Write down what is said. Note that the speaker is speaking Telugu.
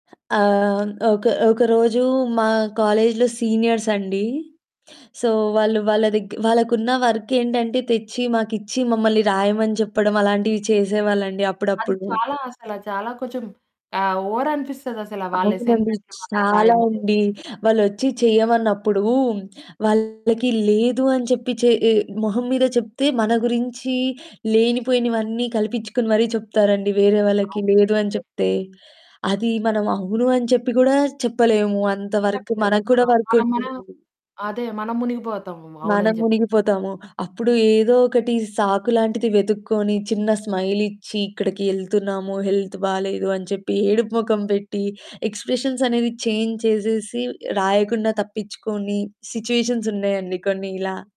ఆహ్, ఒక ఒక రోజు మా కాలేజ్‌లో సీనియర్స్ అండి. సో, వాళ్ళు వాళ్ళదగ్ వాళ్ళకున్న వర్కేంటంటే తెచ్చి మాకిచ్చి మమ్మల్ని రాయమని చెప్పడం, అలాంటివి చేసేవాళ్ళండి అది అప్పుడప్పుడు. చాలా అసలా. చాలా కొంచెం ఆహ్, ఓవర్ అనిపిస్తదసలా వాళ్ళ అవునండి. అసైన్‌మెంట్లు మనల్ని చాలా రాయమని. ఉండి. వాళ్ళొచ్చి చేయమన్నప్పుడు వాళ్ళకి లేదు అని చెప్పి చేయి మొహం మీద చెప్తే, మన గురించి లేనిపోయినవన్నీ కల్పిచ్చుకొని మరీ చెప్తారండి వేరే వాళ్ళకి అవును. లేదు అని నిజమే. చెప్తే. అది మనం అవును అని చెప్పి గూడా చెప్పలేము అంత వరకు. చెప్పలేము. మనకు ఆ! కూడా మనం మనం వర్కుంటుంది. అదే మనం మునిగిపోతామేమో మనం అవునని జెప్ మునిగిపోతాము. అప్పుడు ఏదో ఒకటి సాకులాంటిది వెతుక్కొని చిన్న స్మైలిచ్చి, ఇక్కడికి ఎళ్తున్నాము. హెల్త్ బాలేదు అని చెప్పి ఏడుపు మొఖం పెట్టి, ఎక్స్‌ప్రెషన్స్ అనేవి చేంజ్ చేసేసి, రాయకుండా తప్పిచ్చుకొని సిచ్యువేషన్స్ ఉన్నాయండి కొన్ని ఇలా.